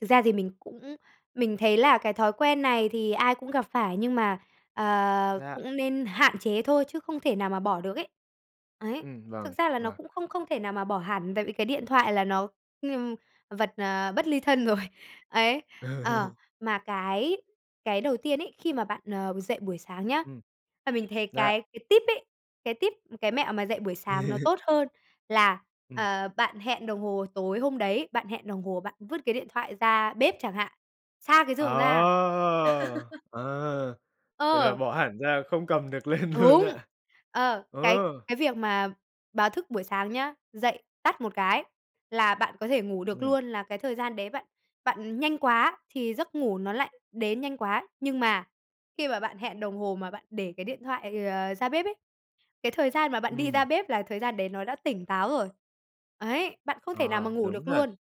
Thực ra thì mình cũng mình thấy là cái thói quen này thì ai cũng gặp phải, nhưng mà, ờ, Dạ. cũng nên hạn chế thôi, chứ không thể nào mà bỏ được ấy. Ấy, Ừm, thực vâng, ra là nó vâng. cũng không không thể nào mà bỏ hẳn, tại vì cái điện thoại là nó, ừm, vật, ờ, bất ly thân rồi. Ấy, ờ, Ừ. mà cái cái đầu tiên ấy, khi mà bạn, ờ, dậy buổi sáng nhá, Ừm. và mình thấy Dạ. cái cái tip ấy, cái tip, cái mẹo mà dậy buổi sáng nó tốt hơn là, Ừm. ờ, bạn hẹn đồng hồ tối hôm đấy, bạn hẹn đồng hồ, bạn vứt cái điện thoại ra bếp chẳng hạn, xa cái giường ra. Ờ! Ờ, vậy là Ờ. bỏ hẳn ra không cầm được lên luôn Đúng. ạ? Ờ, Ờ. cái cái việc mà báo thức buổi sáng nhá, dậy tắt một cái là bạn có thể ngủ được Ừm luôn, là cái thời gian đấy bạn bạn nhanh quá thì giấc ngủ nó lại đến nhanh quá. Nhưng mà khi mà bạn hẹn đồng hồ mà bạn để cái điện thoại, ờ, ra bếp ấy, cái thời gian mà bạn đi ra Ừm. bếp là thời gian đấy nó đã tỉnh táo rồi. Ấy, bạn không thể nào mà Ờ, ngủ đúng được thật, luôn.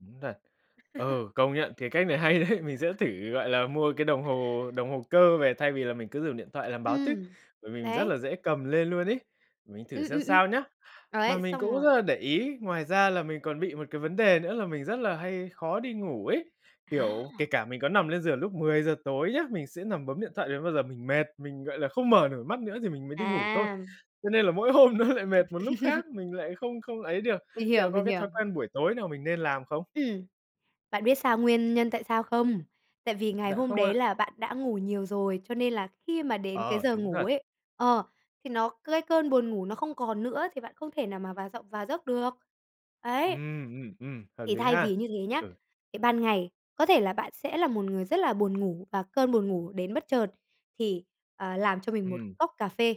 đúng thật. Ừ, công nhận cái cách này hay đấy, mình sẽ thử, gọi là, mua cái đồng hồ đồng hồ cơ về thay vì là mình cứ dùng điện thoại làm báo tức, Ừm, bởi vì mình rất đấy. là dễ cầm lên luôn ấy. Mình thử Ừm, xem ừm, ừm. sao nhá. Mà Ấy, mình xong cũng rồi rất là để ý, ngoài ra là mình còn bị một cái vấn đề nữa là mình rất là hay khó đi ngủ ấy. Kiểu, kể Ha! cả mình có nằm lên giường lúc 10:00 tối nhá, mình sẽ nằm bấm điện thoại đến bao giờ mình mệt, mình, gọi là, không mở nổi mắt nữa thì mình mới đi ngủ thôi. À. Cho nên là mỗi hôm nó lại mệt một lúc khác, mình lại không không ấy được. Mình Liệu hiểu, có mình cái hiểu. thói quen buổi tối nào mình nên làm không? Ừm. Bạn biết sao nguyên nhân tại sao không? Tại vì ngày Dạ, hôm không đấy ạ. là bạn đã ngủ nhiều rồi, cho nên là khi mà đến cái Ờ, giờ đúng ngủ thật. ấy, ờ, thì nó, cái cơn buồn ngủ nó không còn nữa thì bạn không thể nào mà vào giọng vào giấc được. Ấy. Ừm, ừm, ừm, hợp Thì lý thay ha. vì như thế nhá, Ừ. thì ban ngày, có thể là bạn sẽ là một người rất là buồn ngủ và cơn buồn ngủ đến bất chợt, thì, ờ, làm cho mình một Ừm. cốc cà phê.